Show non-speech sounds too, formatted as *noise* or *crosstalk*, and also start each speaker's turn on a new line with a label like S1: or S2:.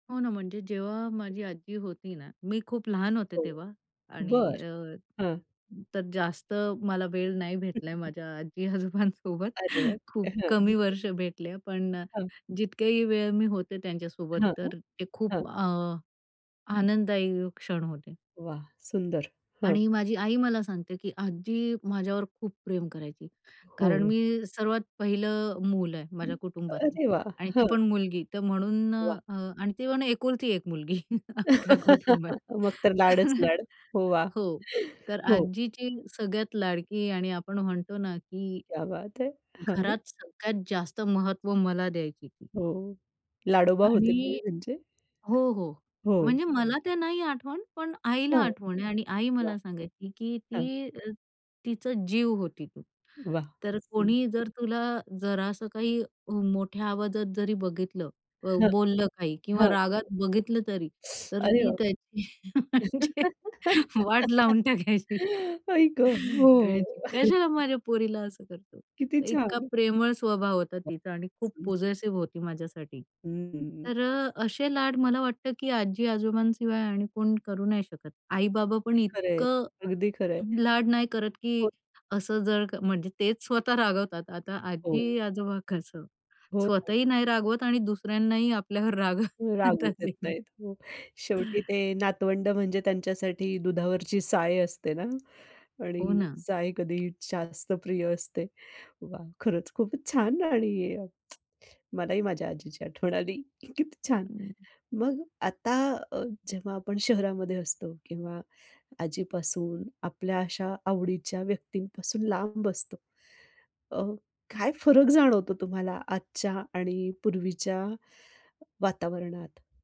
S1: हो ना म्हणजे जेव्हा माझी आजी होती ना, मी खूप लहान होते
S2: हो.
S1: तेव्हा. आणि
S2: बरं.
S1: अ,
S2: हं.
S1: तर जास्त मला वेळ नाही भेटलाय
S2: *chuckles*
S1: माझ्या आजी-आजोबांसोबत.
S2: अरे वाह!
S1: खूप
S2: हं, हं.
S1: कमी वर्ष भेटले, पण अ,
S2: हां.
S1: जितक्याही वेळ मी होते त्यांच्यासोबत
S2: हां,
S1: तर ते
S2: हां.
S1: खूप अ, आनंददायी क्षण होते.
S2: वाह! सुंदर. हं.
S1: आणि माझी आई मला सांगते, की आजी माझ्यावर खूप प्रेम करायची कारण
S2: हो.
S1: मी सर्वात पहिलं मूल आहे
S2: अं,
S1: माझ्या कुटुंबाचं
S2: अरे वाह!
S1: आणि ते
S2: हं.
S1: पण मुलगी तर म्हणून
S2: वाह!
S1: अ, आणि ती पण एकुलती एक मुलगी *chuckles* अख्ख्या कुटुंबात.
S2: *laughs* मग तर लाडच
S1: तर
S2: लाड. वाह!
S1: हो, तर
S2: हो.
S1: आजीची सगळ्यात लाडकी आणि आपण म्हणतो ना, की
S2: क्या बात है! हां.
S1: घरात सगळ्यात जास्त महत्त्व मला द्यायची ती.
S2: हो, लाडोबा होते
S1: आणि
S2: तुम्ही त्यांचे?
S1: हो, हो,
S2: हो.
S1: म्हणजे मला ते नाही आठवत, पण आईला
S2: हं,
S1: आठवतं आहे आणि आई
S2: वाह!
S1: मला सांगायची, की
S2: हं.
S1: ती अ, तिचा जीव होती तू.
S2: वाह!
S1: तर
S2: सुंदर.
S1: कोणी जर तुला जरा असं काही अ, मोठ्या आवाजात जरी बघितलं, अ,
S2: हं.
S1: बोललं काही
S2: हं,
S1: किंवा
S2: हं.
S1: रागात बघितलं तरी,
S2: *sucks teeth*
S1: तर
S2: अरे
S1: ती त्याची म्हणजे वाट लावून
S2: बापरे!
S1: टाकायची.
S2: *chuckles* आई गं! हो.
S1: म्हणायची, "कशाला
S2: *chuckles*
S1: माझ्या पोरीला असं करतो?"
S2: किती
S1: तर इतका
S2: छान!
S1: प्रेमळ स्वभाव होता
S2: वाह!
S1: तिचा आणि खूप
S2: सुंदर!
S1: पोजेसिव्ह होती माझ्यासाठी.
S2: हम्म.
S1: तर अ, असे लाड मला वाटतं, की आजी-आजोबांशिवाय आणि कोण करू नाही शकत. आई-बाबा पण
S2: अगदी खरंय,
S1: इतकं
S2: अगदी खरंय.
S1: लाड नाही करत, की
S2: होत
S1: असं जर क म्हणजे तेच स्वतः रागवतात. आता
S2: हो.
S1: आजी-आजोबा कसं
S2: हो, हो.
S1: स्वतःही नाही रागवत आणि दुसऱ्यांनाही आपल्यावर रागवू
S2: हो रागवू
S1: देत
S2: देत
S1: नाही.
S2: नाहीत, हं, शेवटी ते नातवंड म्हणजे त्यांच्यासाठी दुधावरची साय असते ना आणि
S1: हो ना.
S2: साय कधीही जास्त प्रिय असते. वाह! खरंच खूपच छान आणि *smacks lips* मलाही माझ्या आजीची आठवण आली की किती छान! मग आता अ, जेव्हा आपण शहरामध्ये असतो किंवा आजीपासून आपल्या अशा आवडीच्या व्यक्तींपासून लांब असतो, अ, काय फरक जाणवतो तुम्हाला आजच्या आणि पूर्वीच्या वातावरणात?